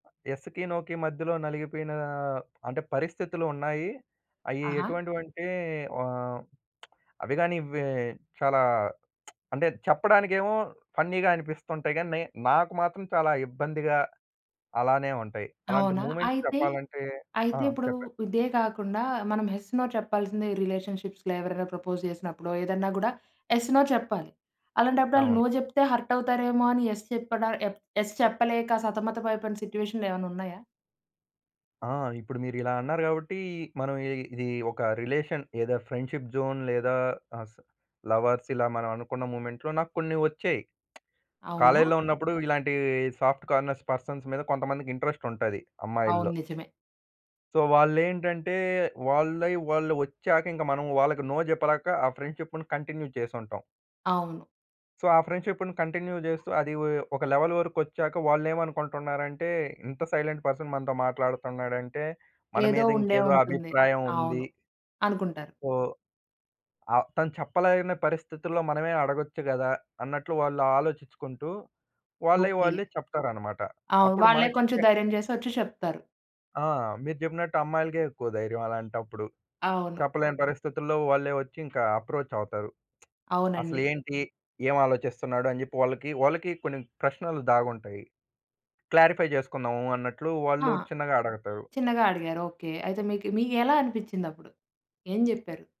యెస్‌కి, నోకి మధ్యలో నలిగిపోయిన అంటే పరిస్థితులు ఉన్నాయి. అయ్యి ఆహా! ఎటువంటివంటే వా అవి గానీ వె చాలా అంటే చెప్పడానికేమో ఫన్నీగా అనిపిస్తుంటాయి గానీ, నే నాకు మాత్రం చాలా ఇబ్బందిగా అలానే ఉంటాయి. అలాంటి అవునా! మూవ్‌మెంట్స్ అయితే, చెప్పాలంటే ఆ! అయితే ఇప్పుడు చెప్పండి. ఇదే గాకుండా, మనం యెస్, నో చెప్పాల్సింది రిలేషన్‌షిప్స్‌లో ఎవరైనా ప్రపోజ్ జేసినప్పుడో ఏదన్నా గూడా యెస్, నో చెప్పాలి. అలాంటప్పుడు ఆళ్ళు అవును. నో జెప్తే హర్ట్ అవుతారేమో అని యెస్ చెప్పడా ఎఫ్ యెస్ చెప్పలేక సతమత పడిపోయిన సిట్యుయేషన్‌లు ఏమన్నా ఉన్నయా? ఆ! ఇప్పుడు మీరిలా అన్నారు గాబట్టి, మనం ఇ ఇది ఒక రిలేషన్ ఐదర్ ఫ్రెండ్‌షిప్ జోన్ లేదా, అస లవర్సిలా మనం అనుకున్న మూవ్‌మెంట్‌లో నాక్కొన్ని ఒచ్చాయి. అవునా! కాలేజ్‍లో ఉన్నప్పుడు ఇలాంటి సాఫ్ట్ కార్నర్స్ పర్సన్స్ మీద కొంతమందికి ఇంట్రెస్ట్ ఉంటది అవును. అమ్మాయిల్లో. నిజమే. సో, వాళ్ళేంటంటే, వాళ్ళై వాళ్ళు ఒచ్చాకింక మనం వాళ్ళకి నో జెప్పలేక ఆ ఫ్రెండ్‌షిప్‌ను కంటిన్యూ చేసుంటాం. అవును. సో, ఆ ఫ్రెండ్‌షిప్‌ను కంటిన్యూ జేస్తూ అది వొ ఒక లెవెల్ వరకొచ్చాక వాళ్ళేమనుకుంటున్నారంటే, ఇంత సైలెంట్ పర్సన్ మనతో మాట్లాడుతున్నాడంటే, మన ఏదో మీద ఉండే ఇంకేదో ఉంటుంది. అభిప్రాయం ఉంది. అవును. అనుకుంటారు. సో, ఆహ్, తను చెప్పలేని పరిస్థితుల్లో మనమే అడగొచ్చు గదా! అన్నట్లు వాళ్ళు ఆలోచించుకుంటూ, వాళ్ళై ఓకే. వాళ్ళే చెప్తారనమాట. ఆ! అప్పుడు వాళ్ళే కొంచెం మనకిచ్చే ధైర్యం జేసి ఒచ్చి చెప్తారు. ఆ! మీరు చెప్పినట్టు అమ్మాయిలకే ఎక్కువ ధైర్యం అలాంటప్పుడు. అవును. చెప్పలేని పరిస్థితుల్లో వాళ్ళే ఒచ్చి ఇంక అప్రోచ్ అవుతారు. అవునండి. అసలేంటి, ఏమాలోచిస్తున్నాడు? అని జెప్పి వాళ్ళకి వాళ్ళకి కొన్ని ప్రశ్నలు దాగుంటాయి. క్లారిఫై జేసుకుందాము అన్నట్లు ఆ! వాళ్ళు చిన్నగా అడగతారు. చిన్నగా అడిగారు. ఓకే. అయితే మీకు మీకెలా అనిపిచ్చిందప్పుడు? ఏం జెప్పారు?